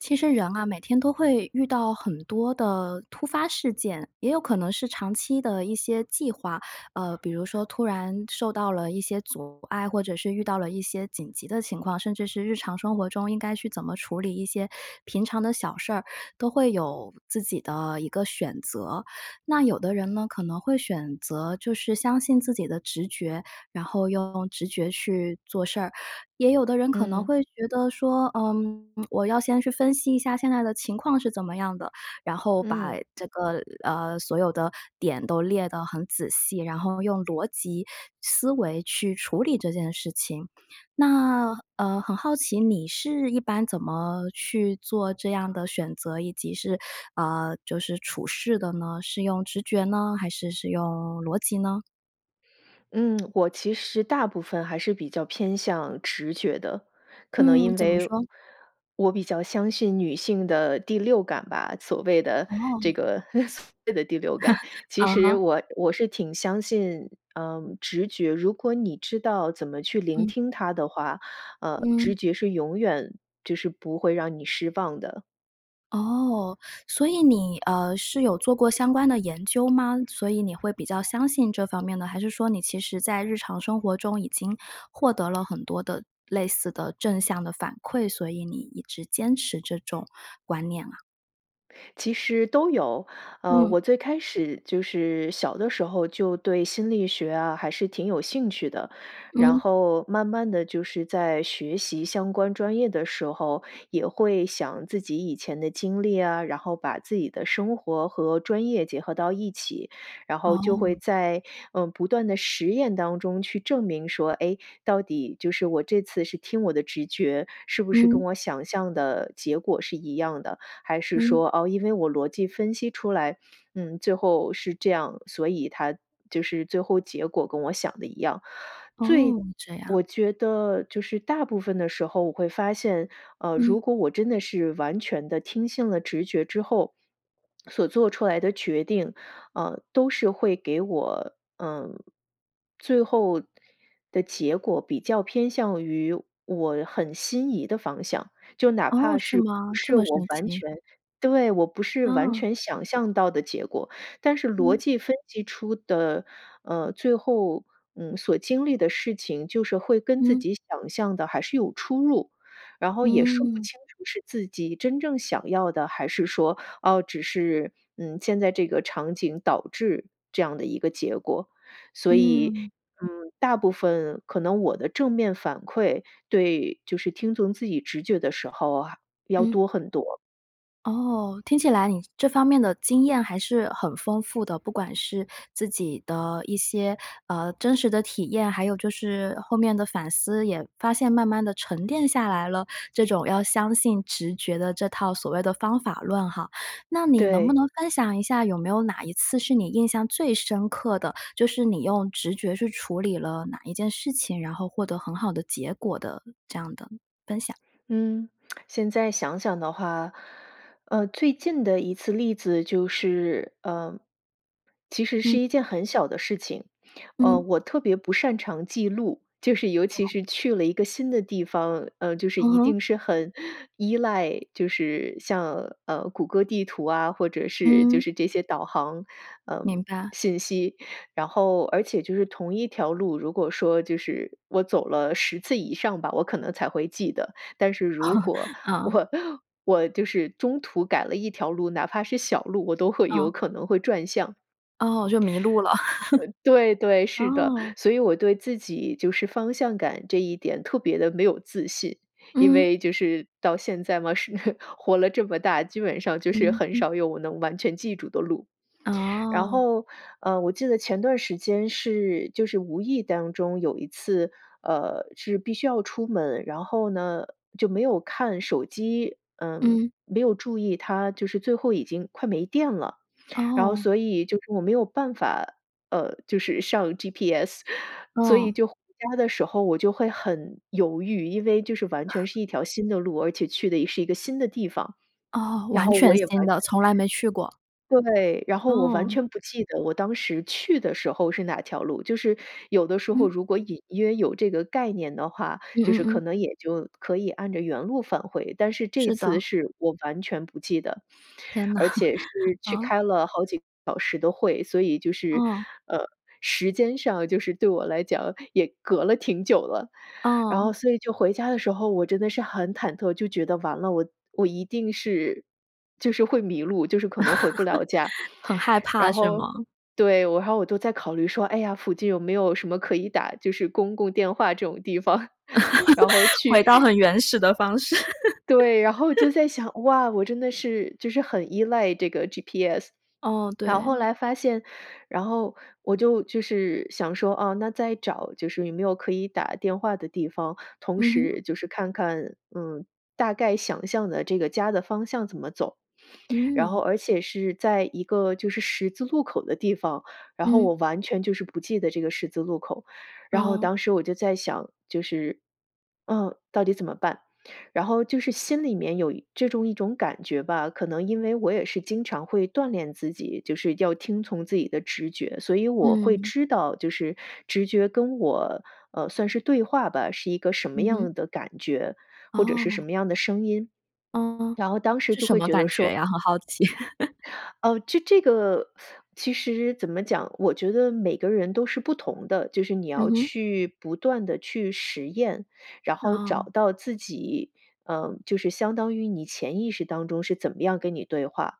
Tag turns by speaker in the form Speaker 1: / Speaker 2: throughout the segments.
Speaker 1: 其实人啊，每天都会遇到很多的突发事件，也有可能是长期的一些计划。呃，比如说突然受到了一些阻碍，或者是遇到了一些紧急的情况，甚至是日常生活中应该去怎么处理一些平常的小事儿，都会有自己的一个选择。那有的人呢，可能会选择就是相信自己的直觉，然后用直觉去做事儿，也有的人可能
Speaker 2: 嗯。
Speaker 1: 会觉得说，嗯，我要先去分析一下现在的情况是怎么样的？然后把
Speaker 2: 嗯。
Speaker 1: 这个呃，所有的点都列的很仔细，然后用逻辑思维去处理这件事情。那呃，很好奇你是一般怎么去做这样的选择，以及是呃，就是处事的呢，是用直觉呢，还是是用逻辑呢？
Speaker 2: 嗯，我其实大部分还是比较偏向直觉的。可能
Speaker 1: 嗯，
Speaker 2: 因
Speaker 1: 怎么
Speaker 2: 为
Speaker 1: 说？
Speaker 2: 我比较相信女性的第六感吧，所谓的这
Speaker 1: 哦。
Speaker 2: 个 所谓的第六 感。其
Speaker 1: 嗯
Speaker 2: 实
Speaker 1: 哼。
Speaker 2: 我我是挺相信嗯直觉，如果你知道怎么去聆
Speaker 1: 嗯。
Speaker 2: 听它的话，呃，直
Speaker 1: 嗯。
Speaker 2: 觉是永远就是不会让你失望的。
Speaker 1: 哦。所以你，呃，是有做过相关的研究吗？所以你会比较相信这方面呢，还是说你其实在日常生活中已经获得了很多的、类似的正向的反馈，所以你一直坚持这种观念啊？
Speaker 2: 其实都有，呃，
Speaker 1: 嗯。
Speaker 2: 我最开始就是小的时候就对心理学啊，还是挺有兴趣的。然
Speaker 1: 嗯。
Speaker 2: 后慢慢地就是在学习相关专业的时候，也会想自己以前的经历啊，然后把自己的生活和专业结合到一起。然后就会
Speaker 1: 哦。
Speaker 2: 在，嗯，不断的实验当中去证明说，哎，到底，就是我这次是听我的直觉，是不是跟
Speaker 1: 嗯。
Speaker 2: 我想象的结果是一样的。还是
Speaker 1: 嗯。
Speaker 2: 说哦，因为我逻辑分析出来，嗯，最后是这样，所以它就是最后结果跟我想得一样。最
Speaker 1: 哦，这样。
Speaker 2: 我觉得，就是大部分的时候我会发现，呃，如
Speaker 1: 嗯。
Speaker 2: 果我真的是完全地听信了直觉之后 所做出来的决定，呃，都是会给我，呃，最后的结果比较偏向于我很心仪的方向。就哪
Speaker 1: 哦，
Speaker 2: 怕
Speaker 1: 是
Speaker 2: 是不
Speaker 1: 吗？这
Speaker 2: 是
Speaker 1: 么
Speaker 2: 我
Speaker 1: 神
Speaker 2: 完
Speaker 1: 奇。
Speaker 2: 全对，我不是完
Speaker 1: 啊。
Speaker 2: 全想象到的结果，但是逻
Speaker 1: 嗯。
Speaker 2: 辑分析出的，呃，最后，嗯，所经历的事情，就是会跟自
Speaker 1: 嗯。
Speaker 2: 己想象的还是有出入，然后也说不
Speaker 1: 嗯。
Speaker 2: 清楚是自己真正想要的，还是说，哦，只是嗯，现在这个场景导致这样的一个结果。所以
Speaker 1: 嗯。
Speaker 2: 嗯，大部分可能我的正面反馈对，就是听从自己直觉的时候，还要
Speaker 1: 嗯。
Speaker 2: 多很多。
Speaker 1: 哦，听起来你这方面的经验还是很丰富的，不管是自己的一些，呃，真实的体验，还有就是后面的反思也发现慢慢地沉淀下来了。这种要相信直觉的这套所谓的方法论哈。那你能不
Speaker 2: 对。
Speaker 1: 能分享一下有没有哪一次是你印象最深刻的，就是你用直觉去处理了哪一件事情，然后获得很好的结果的这样的分享？
Speaker 2: 嗯，现在想想的话，呃，最近的一次例子就是，呃，其实
Speaker 1: 嗯。
Speaker 2: 是一件很小的事情。呃，
Speaker 1: 嗯。
Speaker 2: 我特别不擅长记录，就是尤其
Speaker 1: 哦。
Speaker 2: 是去了一个新的地方，呃，就是
Speaker 1: 嗯
Speaker 2: 一
Speaker 1: 哼。
Speaker 2: 定是很依赖，就是像呃谷歌地图啊，或者是就
Speaker 1: 嗯。
Speaker 2: 是这些导航呃
Speaker 1: 明白。
Speaker 2: 信息，然后而且就是同一条路，如果说就是我走了10次以上吧，我可能才会记得。但是如果
Speaker 1: 啊。
Speaker 2: 我我就是中途改了一条路，哪怕是小路，我都会
Speaker 1: 嗯。
Speaker 2: 有可能会转向。
Speaker 1: 哦，就迷路了。
Speaker 2: 呃，对对，是的，
Speaker 1: 哦。
Speaker 2: 所以我对自己就是方向感这一点特别地没有自信。因
Speaker 1: 嗯。
Speaker 2: 为就是到现在嘛，是活了这么大，基本上就是
Speaker 1: 嗯，
Speaker 2: 很
Speaker 1: 嗯。
Speaker 2: 少有我能完全记住的路。然
Speaker 1: 哦。
Speaker 2: 后呃我记得前段时间是就是无意当中有一次呃是必须要出门，然后呢就没有看手机，嗯，
Speaker 1: 嗯。
Speaker 2: 没有注意它就是最后已经快没电了。然后
Speaker 1: 哦。
Speaker 2: 所以就是我没有办法，呃，就是上 GPS，所以
Speaker 1: 哦。
Speaker 2: 就回家的时候我就会很犹豫，因为就是完全是一条 新的路，而且去的也是一个新的地方，
Speaker 1: 哦，
Speaker 2: 然
Speaker 1: 完
Speaker 2: 后我
Speaker 1: 全
Speaker 2: 也完
Speaker 1: 新
Speaker 2: 全
Speaker 1: 的，从来没去过。
Speaker 2: 对，然后我完
Speaker 1: 哦。
Speaker 2: 全不记得我当时去的时候是哪条路，就是有的时候
Speaker 1: 嗯。
Speaker 2: 如果隐约有这个概念的话，
Speaker 1: 嗯
Speaker 2: 就
Speaker 1: 嗯
Speaker 2: 是可
Speaker 1: 嗯。
Speaker 2: 能也就可以按着原路返回，但是这
Speaker 1: 是的。
Speaker 2: 次是我完全不记得，
Speaker 1: 天哪，
Speaker 2: 而且是去
Speaker 1: 嗯。
Speaker 2: 开了好几个小时的会，所以就是
Speaker 1: 哦。
Speaker 2: 呃，时间上就是对我来讲也隔了挺久了。然
Speaker 1: 哦。
Speaker 2: 后所以就回家的时候，我真的是很忐忑，就觉得完了，我我一定是，就是会迷路，就是可能回不了家。
Speaker 1: 很害怕
Speaker 2: 然
Speaker 1: 是
Speaker 2: 后
Speaker 1: 吗？
Speaker 2: 对，我还我都在考虑说，哎呀，附近有没有什么可以打，就是公共电话这种地方，然后 去
Speaker 1: 回到很原始的方式。
Speaker 2: 对，然后我就 在想，哇，我真的是就是很依赖这个 GPS。
Speaker 1: 哦，
Speaker 2: 然后后
Speaker 1: 对。
Speaker 2: 来发现，然后我就就是想说，啊，那再找就是有没有可以打电话的地方，同
Speaker 1: 嗯哼。
Speaker 2: 时就是看看嗯，大概想象的这个家的方向怎么走。然后
Speaker 1: 嗯。
Speaker 2: 而且是在一个就是十字路口的地方，然后
Speaker 1: 嗯。
Speaker 2: 我完全就是不记得这个十字路口，然后
Speaker 1: 哦。
Speaker 2: 当时我就在想就是嗯，到底怎么办？然后就是心里面有这种一种感觉吧，可能因为我也是经常会锻炼自己，就是要听从自己的直觉，所以我会
Speaker 1: 嗯。
Speaker 2: 知道就是直觉跟我呃算是对话吧，是一个什么
Speaker 1: 嗯哼。
Speaker 2: 样的感觉，或者是什
Speaker 1: 哦。
Speaker 2: 么样的声音，
Speaker 1: 嗯，
Speaker 2: 然后当时
Speaker 1: 是
Speaker 2: 就
Speaker 1: 什
Speaker 2: 会
Speaker 1: 么
Speaker 2: 觉得
Speaker 1: 感觉
Speaker 2: 说
Speaker 1: 呀？很好奇。
Speaker 2: 呃，这这个其实怎么讲，我觉得每个人都是不同的，就是你
Speaker 1: 嗯
Speaker 2: 要
Speaker 1: 哼。
Speaker 2: 去不断地去实验，然后找
Speaker 1: 哦。
Speaker 2: 到自己。呃，就是相当于你潜意识当中是怎么样跟你对话，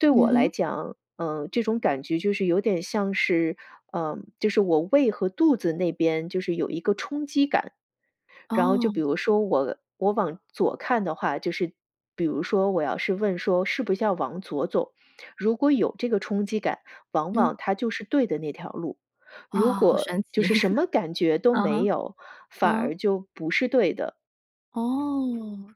Speaker 2: 对我
Speaker 1: 嗯
Speaker 2: 来
Speaker 1: 哼。
Speaker 2: 讲，嗯，这种感觉就是有点像是，呃，就是我胃和肚子那边就是有一个冲击感。然后就
Speaker 1: 哦。
Speaker 2: 比如说我我往左看的话，就是比如说我要是问说是不是要往左走，如果有这个冲击感，往
Speaker 1: 嗯。
Speaker 2: 往它就是对的那条路，如
Speaker 1: 哇，好
Speaker 2: 果
Speaker 1: 神
Speaker 2: 就
Speaker 1: 奇。
Speaker 2: 是什么感觉都
Speaker 1: 嗯
Speaker 2: 没
Speaker 1: 哼，
Speaker 2: 有，反
Speaker 1: 嗯。
Speaker 2: 而就不是对的。
Speaker 1: 哦，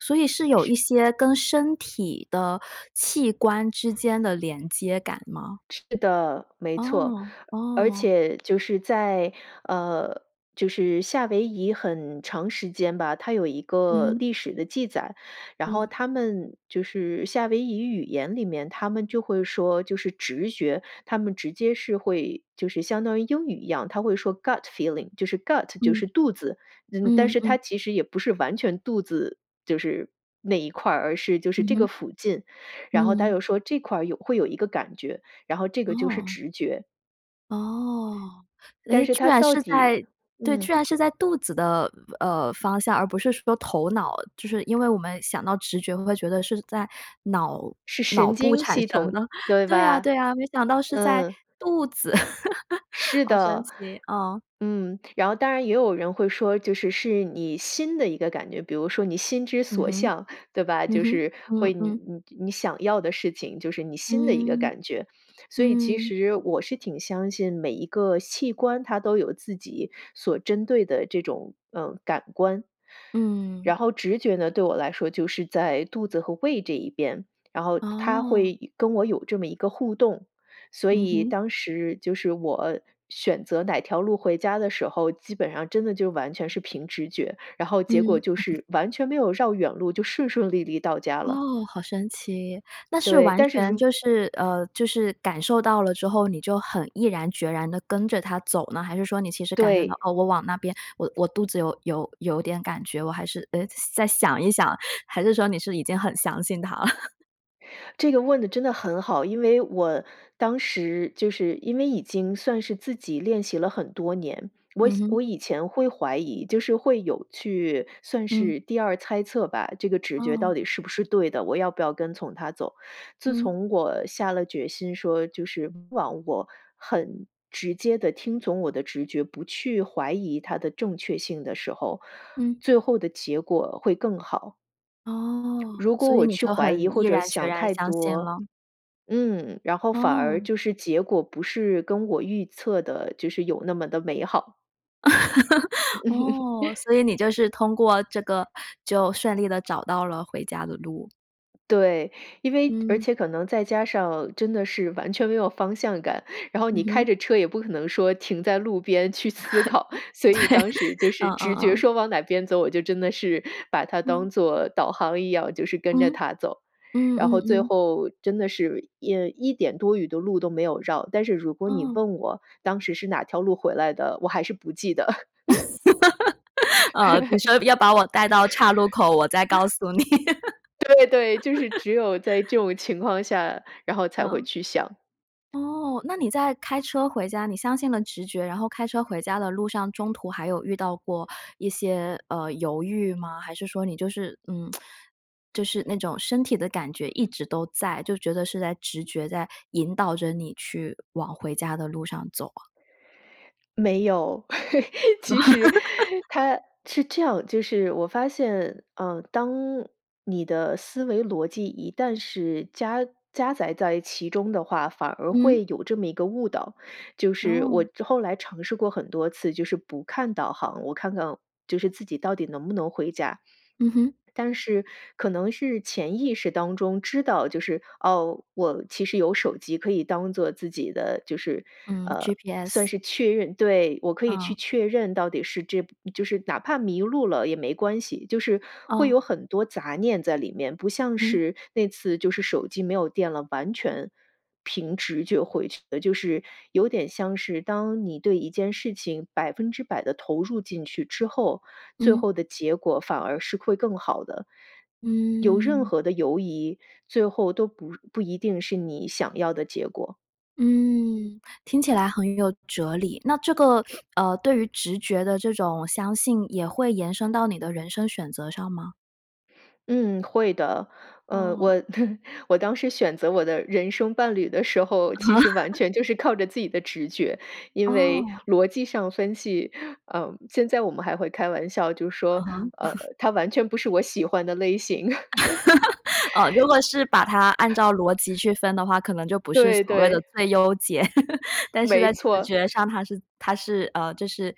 Speaker 1: 所以是有一
Speaker 2: 是。
Speaker 1: 些跟身体的器官之间的连接感吗？
Speaker 2: 是的，没错。
Speaker 1: 哦，
Speaker 2: 而
Speaker 1: 哦。
Speaker 2: 且就是在呃，就是夏威夷很长时间吧，它有一个
Speaker 1: 嗯。
Speaker 2: 历史的记载，然后
Speaker 1: 嗯。
Speaker 2: 它们就是夏威夷语言里面，它们就会说，就是直觉，它们直接是会，就是相当于英语一样，它会说 gut feeling，就是 gut，就
Speaker 1: 嗯，
Speaker 2: 是肚子，嗯，但
Speaker 1: 嗯
Speaker 2: 是它
Speaker 1: 嗯。
Speaker 2: 其实也不是完全肚子，就是那一块儿，而是就是
Speaker 1: 嗯
Speaker 2: 这个
Speaker 1: 哼。
Speaker 2: 附近。然后，它
Speaker 1: 嗯。
Speaker 2: 又说这块儿有会有一个感觉，然后这个就是
Speaker 1: 哦。
Speaker 2: 直觉。
Speaker 1: 哦。
Speaker 2: 但
Speaker 1: 诶，
Speaker 2: 是
Speaker 1: 居
Speaker 2: 它
Speaker 1: 然
Speaker 2: 到
Speaker 1: 是
Speaker 2: 底
Speaker 1: 在对，
Speaker 2: 嗯。
Speaker 1: 居然是在肚子的呃，方向，而不是说头脑，就是因为我们想到直觉会觉得是在脑
Speaker 2: 是
Speaker 1: 脑
Speaker 2: 神
Speaker 1: 部
Speaker 2: 经
Speaker 1: 产
Speaker 2: 系
Speaker 1: 生
Speaker 2: 统，
Speaker 1: 的，
Speaker 2: 对
Speaker 1: 对啊，
Speaker 2: 吧？
Speaker 1: 对啊，没想到是在
Speaker 2: 嗯。
Speaker 1: 肚子。
Speaker 2: 是
Speaker 1: 好神
Speaker 2: 的，
Speaker 1: 奇，啊。
Speaker 2: 嗯。然后当然也有人会说，就是是你心的一个感觉，比如说你心之
Speaker 1: 嗯
Speaker 2: 所
Speaker 1: 哼。
Speaker 2: 向，对吧？
Speaker 1: 嗯
Speaker 2: 就
Speaker 1: 哼。
Speaker 2: 是
Speaker 1: 嗯，
Speaker 2: 会你
Speaker 1: 嗯。
Speaker 2: 你你想要的事情，就是你心的一个
Speaker 1: 嗯，
Speaker 2: 感觉。所以其
Speaker 1: 嗯。
Speaker 2: 实我是挺相信每一个器官它都有自己所针对的这种呃，感官。
Speaker 1: 嗯。
Speaker 2: 然后直觉呢，对我来说就是在肚子和胃这一边，然后它
Speaker 1: 哦。
Speaker 2: 会跟我有这么一个互动，所
Speaker 1: 嗯
Speaker 2: 以
Speaker 1: 哼。
Speaker 2: 当时就是我选择哪条路回家的时候，基本上真的就完全是凭直觉，然后结果
Speaker 1: 嗯。
Speaker 2: 就是完全没有绕远路，就顺顺利利到家了。
Speaker 1: 哦，好神奇，那是
Speaker 2: 对，
Speaker 1: 完
Speaker 2: 但是
Speaker 1: 全
Speaker 2: 如
Speaker 1: 就是呃，就是感受到了之后，你就很毅然决然地跟着它走呢？还是说你其实感受到，
Speaker 2: 对。
Speaker 1: 哦，我往那边，我我肚子有有有点感觉。我还是呃，再想一想？还是说你是已经很相信它了？
Speaker 2: 这个问得真的很好。因为我当时就是因为已经算是自己练习了很多年，我
Speaker 1: 嗯哼。
Speaker 2: 我以前会怀疑，就是会有去算
Speaker 1: 嗯。
Speaker 2: 是第二猜测吧，这个直觉
Speaker 1: 哦。
Speaker 2: 到底是不是对的，我要不要跟从它走。自
Speaker 1: 嗯。
Speaker 2: 从我下了决心说，就是忘我-很直接地听从我的直觉，不去怀疑它的正确性的时候，
Speaker 1: 嗯。
Speaker 2: 最后的结果会更好。
Speaker 1: 哦，
Speaker 2: 如果
Speaker 1: 所以
Speaker 2: 我
Speaker 1: 你
Speaker 2: 去
Speaker 1: 就
Speaker 2: 怀疑
Speaker 1: 很毅
Speaker 2: 或者
Speaker 1: 然决
Speaker 2: 想
Speaker 1: 然
Speaker 2: 太
Speaker 1: 相信
Speaker 2: 多，
Speaker 1: 了。
Speaker 2: 嗯，然后反而
Speaker 1: 哦。
Speaker 2: 就是结果不是跟我预测的，就是有那么地美好。
Speaker 1: 哦，所以你就是通过这个，就顺利地找到了回家的路。
Speaker 2: 对，因为而
Speaker 1: 嗯。
Speaker 2: 且可能再加上真的是完全没有方向感，然后
Speaker 1: 嗯
Speaker 2: 你开
Speaker 1: 哼。
Speaker 2: 着车也不可能说停在路边去思考。所以当时
Speaker 1: 对，
Speaker 2: 就是
Speaker 1: 嗯嗯
Speaker 2: 直觉
Speaker 1: 嗯。
Speaker 2: 说往哪边走，我就真的是把它
Speaker 1: 嗯。
Speaker 2: 当做导航一样，就是跟着
Speaker 1: 嗯？
Speaker 2: 它走。
Speaker 1: 嗯
Speaker 2: 然
Speaker 1: 嗯
Speaker 2: 后最
Speaker 1: 嗯。
Speaker 2: 后真的是一一点多余的路都没有绕。但是如果你
Speaker 1: 哦。
Speaker 2: 问我当时是哪条路回来的，我还是不记得。
Speaker 1: 呃，你说要把我带到岔路口，我再告 诉你。
Speaker 2: 对对，就是只有在 这种情况下，然后才会
Speaker 1: 嗯？
Speaker 2: 去想。
Speaker 1: 哦，那你在开车回家你相信了直觉，然后开车回家的路上中途还有遇到过一些，呃，犹豫吗？还是说你就是嗯，就是那种身体的感觉一直都在，就觉得是在直觉在引导着你去，往回家的路上走啊？
Speaker 2: 没有。其实 它是这样，就是我发现，呃，当你的思维逻辑一旦是加加载在其中的话，反而
Speaker 1: 嗯。
Speaker 2: 会有这么一个误导，就是
Speaker 1: 哦。
Speaker 2: 我后来尝试过很多次，就是不看导航，我看看就是自己到底能不能回家。
Speaker 1: 嗯哼。
Speaker 2: 但是可能是潜意识当中知道，就是，噢，我其实有手机可以当做自己的，就是，
Speaker 1: 嗯
Speaker 2: 呃，算
Speaker 1: ，GPS。
Speaker 2: 是确认对，我可以去
Speaker 1: 哦。
Speaker 2: 确认到底是这，就是哪怕迷路了也没关系，就是会
Speaker 1: 哦。
Speaker 2: 有很多杂念在里面，不像
Speaker 1: 嗯。
Speaker 2: 是那次就是手机没有电了，完全，凭直觉回去的。就是有点像是当你对一件事情百分之百地投入进去之后，最
Speaker 1: 嗯。
Speaker 2: 后的结果反而是会更好的。有任
Speaker 1: 嗯。
Speaker 2: 何的犹疑，最后都不不一定是你想要的结果。
Speaker 1: 嗯。听起来很有哲理，那这个，呃，对于直觉的这种相信也会延伸到你的人生选择上吗？
Speaker 2: 嗯，会的。呃，
Speaker 1: 哦。
Speaker 2: 我 我当时选择我的人生伴侣的时候，其实完
Speaker 1: 啊。
Speaker 2: 全就是靠着自己的直觉。因为
Speaker 1: 哦。
Speaker 2: 逻辑上分析，嗯，现在我们还会开玩笑，就
Speaker 1: 嗯
Speaker 2: 说，
Speaker 1: 哼。
Speaker 2: 呃，他完全不是我喜欢的类型。
Speaker 1: 哦，如果是把它按照逻辑去分的话，可能就不是
Speaker 2: 对，
Speaker 1: 所谓的
Speaker 2: 对。
Speaker 1: 最优解。但是
Speaker 2: 没
Speaker 1: 在直
Speaker 2: 错。
Speaker 1: 觉上它是它是呃，就是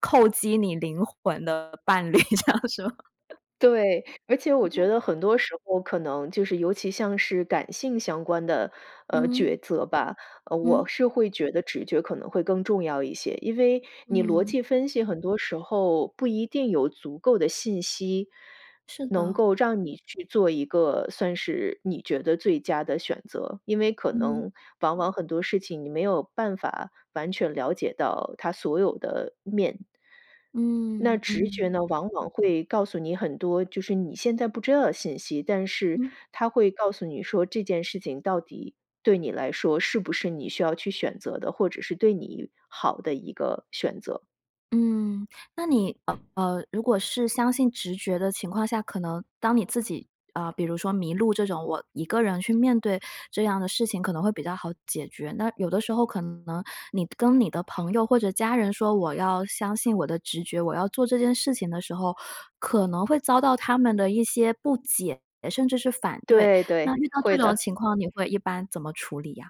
Speaker 1: 扣击你灵魂的伴侣这样，是吗？
Speaker 2: 对，而且我觉
Speaker 1: [unintelligible]
Speaker 2: 得很多时候可能就是尤其像是感性相关的，呃，
Speaker 1: 嗯。
Speaker 2: 抉择吧，呃，我
Speaker 1: 嗯。
Speaker 2: 是会觉得直觉可能会更重要一些。因为你逻
Speaker 1: 嗯。
Speaker 2: 辑分析很多时候不一定有足够的信息，
Speaker 1: 是
Speaker 2: 能
Speaker 1: 的。
Speaker 2: 够让你去做一个算是你觉得最佳的选择。因为可
Speaker 1: 嗯。
Speaker 2: 能往往很多事情你没有办法完全了解到它所有的面。那
Speaker 1: 嗯，
Speaker 2: 直
Speaker 1: 嗯。
Speaker 2: 觉呢，往往会告诉你很多，就是你现在不知道的信息，但是
Speaker 1: 嗯。
Speaker 2: 它会告诉你说这件事情到底对你来说是不是你需要去选择的，或者是对你好的一个选择。
Speaker 1: 嗯，那你呃，呃，如果是相信直觉的情况下，可能当你自己，呃，比如说迷路这种，我一个人去面对这样的事情可能会比较好解决。那有的时候可能你跟你的朋友或者家人说我要相信我的直觉，我要做这件事情的时候，可能会遭到他们的一些不解，甚至是反对。
Speaker 2: 对，对，
Speaker 1: 那遇到这
Speaker 2: 会
Speaker 1: 种
Speaker 2: 的。
Speaker 1: 情况你会一般怎么处理啊？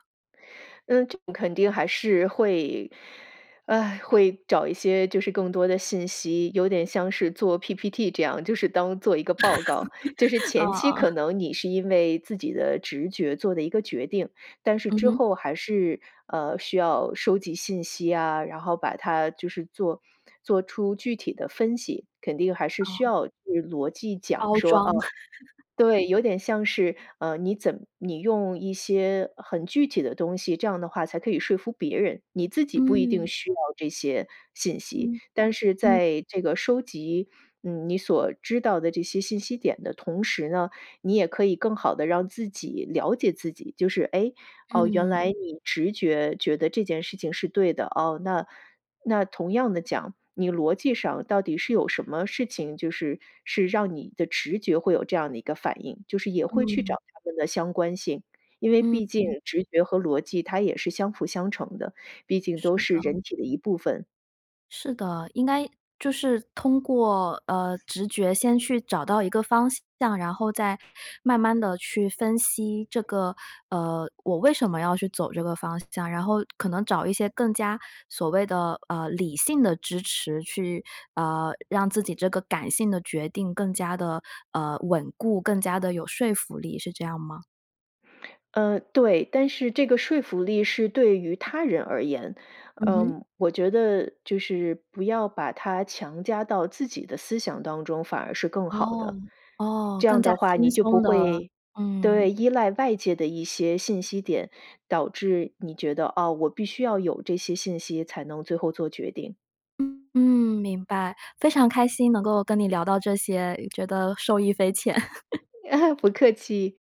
Speaker 2: 嗯，这个肯定还是会 啊，会找一些就是更多的信息。有点像是做 PPT，这样就是当做一个报告。就是
Speaker 1: 哦，
Speaker 2: 前期
Speaker 1: 哦。
Speaker 2: 可能你是因为自己的直觉做的一个决定，但是
Speaker 1: 嗯
Speaker 2: 之
Speaker 1: 哼。
Speaker 2: 后还是呃，需要收集信息啊，然后把它就是做做出具体的分析，肯定还是需
Speaker 1: 哦。
Speaker 2: 要去逻辑讲
Speaker 1: 包
Speaker 2: 说
Speaker 1: 装。
Speaker 2: 啊 对，有点像是呃，你怎你用一些很具体的东西，这样的话才可以说服别人。你自己不一定
Speaker 1: 嗯。
Speaker 2: 需要这些信息，
Speaker 1: 嗯，
Speaker 2: 但是
Speaker 1: 嗯。
Speaker 2: 在这个收集嗯，你所知道的这些信息点的同时呢，你也可以更好地让自己了解自己。就是哎，哦，原
Speaker 1: 嗯。
Speaker 2: 来你直觉觉得这件事情是对的哦。那那同样的讲，你逻辑上到底是有什么事情，就是是让你的直觉会有这样的一个反应？就是也会去
Speaker 1: 嗯。
Speaker 2: 找他们的相关性，因为毕竟
Speaker 1: 嗯。
Speaker 2: 直觉和逻辑它也是相辅相成的，毕竟都
Speaker 1: 是
Speaker 2: 是
Speaker 1: 的。
Speaker 2: 人体的一部分。
Speaker 1: 是的，应该就是通过呃，直觉先去找到一个方向。然后再慢慢地去分析这个呃，我为什么要去走这个方向？然后可能找一些更加所谓的呃，理性的支持去呃，让自己这个感性的决定更加地呃，稳固，更加地有说服力，是这样吗？
Speaker 2: 嗯，对，但是这个说服力是对于他人而言。
Speaker 1: 嗯哼。
Speaker 2: 呃，我觉得就是不要把它强加到自己的思想当中，反而是更好
Speaker 1: 哦，
Speaker 2: 的。
Speaker 1: 哦，
Speaker 2: 这
Speaker 1: 更
Speaker 2: 样
Speaker 1: 加
Speaker 2: 的话，
Speaker 1: 轻
Speaker 2: 你就不
Speaker 1: 松地，
Speaker 2: 会
Speaker 1: 嗯。
Speaker 2: 对，依赖外界的一些信息点，导致你觉得，哦，我必须要有这些信息才能最后做决定。
Speaker 1: 嗯，明白，非常开心能够跟你聊到这些，觉得受益匪浅。
Speaker 2: 不客气。